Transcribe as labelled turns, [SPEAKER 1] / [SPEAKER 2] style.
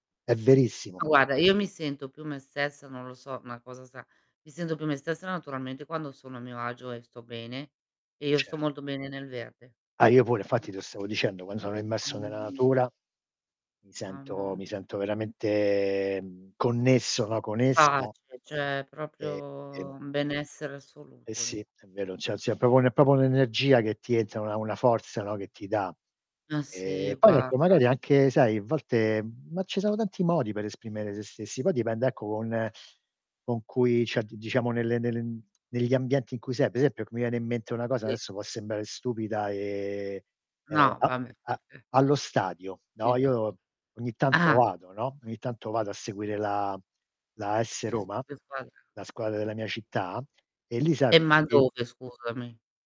[SPEAKER 1] È
[SPEAKER 2] Sì, sì.
[SPEAKER 1] verissimo.
[SPEAKER 2] Ma guarda, io mi sento più me stessa, non lo so, ma cosa sa mi sento più me stessa naturalmente quando sono a mio agio e sto bene, e io sto
[SPEAKER 1] Cert
[SPEAKER 2] molto bene nel verde.
[SPEAKER 1] Ah io pure, infatti te lo stavo dicendo, quando sono immerso
[SPEAKER 2] Mamma
[SPEAKER 1] nella
[SPEAKER 2] mia.
[SPEAKER 1] natura mi
[SPEAKER 2] Mamma
[SPEAKER 1] sento
[SPEAKER 2] m
[SPEAKER 1] mi sento veramente, mhmm, connesso, no? Con essa.
[SPEAKER 2] Pace, c'è
[SPEAKER 1] E e
[SPEAKER 2] proprio un benessere
[SPEAKER 1] E
[SPEAKER 2] assoluto
[SPEAKER 1] sì,
[SPEAKER 2] lì.
[SPEAKER 1] è vero, cioè c'è proprio un è proprio un'energia che ti entra, una una forza, no, che ti dà.
[SPEAKER 2] Ma
[SPEAKER 1] Ehm,
[SPEAKER 2] sì,
[SPEAKER 1] poi ecco
[SPEAKER 2] guarda.
[SPEAKER 1] magari anche sai a volte ma ci sono tanti modi per esprimere se stessi, poi dipende ecco, con con cui cioè diciamo nelle nelle negli ambienti in cui sei, per esempio, c mi viene in mente una cosa
[SPEAKER 2] Si.
[SPEAKER 1] adesso, può sembrare stupida e, ehm,
[SPEAKER 2] No,
[SPEAKER 1] a
[SPEAKER 2] vabbè,
[SPEAKER 1] a
[SPEAKER 2] vabbè.
[SPEAKER 1] allo stadio, no,
[SPEAKER 2] [unintelligible]
[SPEAKER 1] io ogni tanto
[SPEAKER 2] Ah!
[SPEAKER 1] vado, no, ogni tanto vado a seguire la la AS
[SPEAKER 2] Che s
[SPEAKER 1] Roma,
[SPEAKER 2] che squadra?
[SPEAKER 1] la squadra della mia città e lì sai,
[SPEAKER 2] Eh, ma
[SPEAKER 1] tutti
[SPEAKER 2] dove scusami?